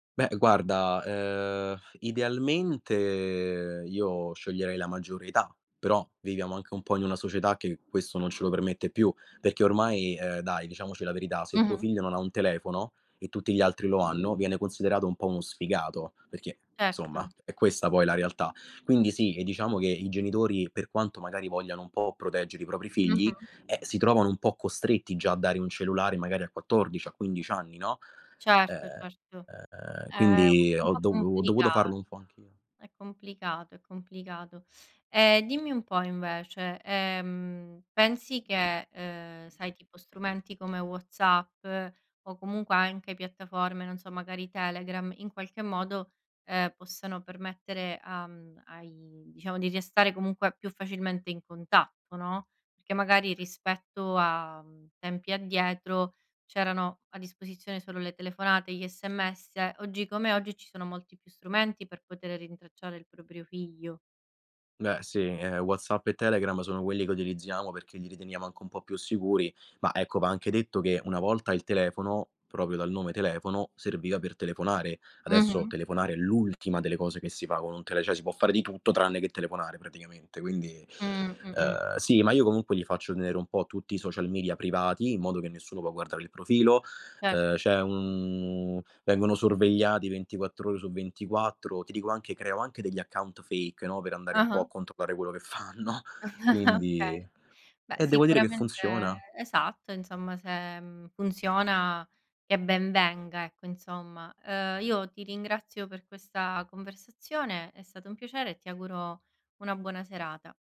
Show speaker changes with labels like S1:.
S1: Beh guarda, ehm, idealmente io sceglierei la maggiore età, però viviamo anche un po' in una società che questo non ce lo permette più, perché ormai, ehm, dai diciamoci la verità, se tuo
S2: Mh-mh.
S1: figlio non ha un telefono e tutti gli altri lo hanno, viene considerato un po' uno sfigato, perché insomma
S2: Certo.
S1: è questa poi la realtà. Quindi sì, e diciamo che i genitori, per quanto magari vogliano un po' proteggere i propri figli,
S2: Mh-mh.
S1: eh, si trovano un po' costretti già a dare un cellulare, magari a 14 a 15 anni, no.
S2: Certo, certo,
S1: Ehm,
S2: è
S1: quindi
S2: un
S1: ho
S2: po'
S1: dovu ho
S2: complica
S1: dovuto farlo un po' anch'io.
S2: è complicato, è complicato. E dimmi un po' invece, ehm, pensi che, uhm, sai tipo strumenti come WhatsApp o comunque anche piattaforme, non so, magari Telegram, in qualche modo, ehm, possano permettere a m ai diciamo di restare comunque più facilmente in contatto, no. Perché magari rispetto a, mhmm, tempi addietro c'erano a disposizione solo le telefonate, gli SMS. Oggi come oggi ci sono molti più strumenti per potere rintracciare il proprio figlio.
S1: Beh sì, eh, WhatsApp e Telegram, sono quelli che utilizziamo perché li riteniamo anche un po' più sicuri, ma ecco, va anche detto che una volta il telefono, proprio dal nome telefono, serviva per telefonare. Adesso
S2: Mh-mh.
S1: telefonare è l'ultima delle cose che si fa con un tele cioè si può fare di tutto tranne che telefonare praticamente. Quindi,
S2: Mh. Mh-mh.
S1: uhm, sì, ma io comunque gli faccio tenere un po' tutti i social media privati, in modo che nessuno può guardare il profilo.
S2: Certo.
S1: Uhm, c'è un vengono sorvegliati 24 ore su 24, ti dico anche creo anche degli account fake, no, per andare un po'
S2: Ah-ah.
S1: a controllare quello che fanno. Quindi
S2: Okay. Beh
S1: e devo dire che
S2: sicuramente
S1: funziona.
S2: esatto insomma se, mhmm, funziona che ben venga, ecco, insomma. Ehm, io ti ringrazio per questa conversazione, è stato un piacere e ti auguro una buona serata.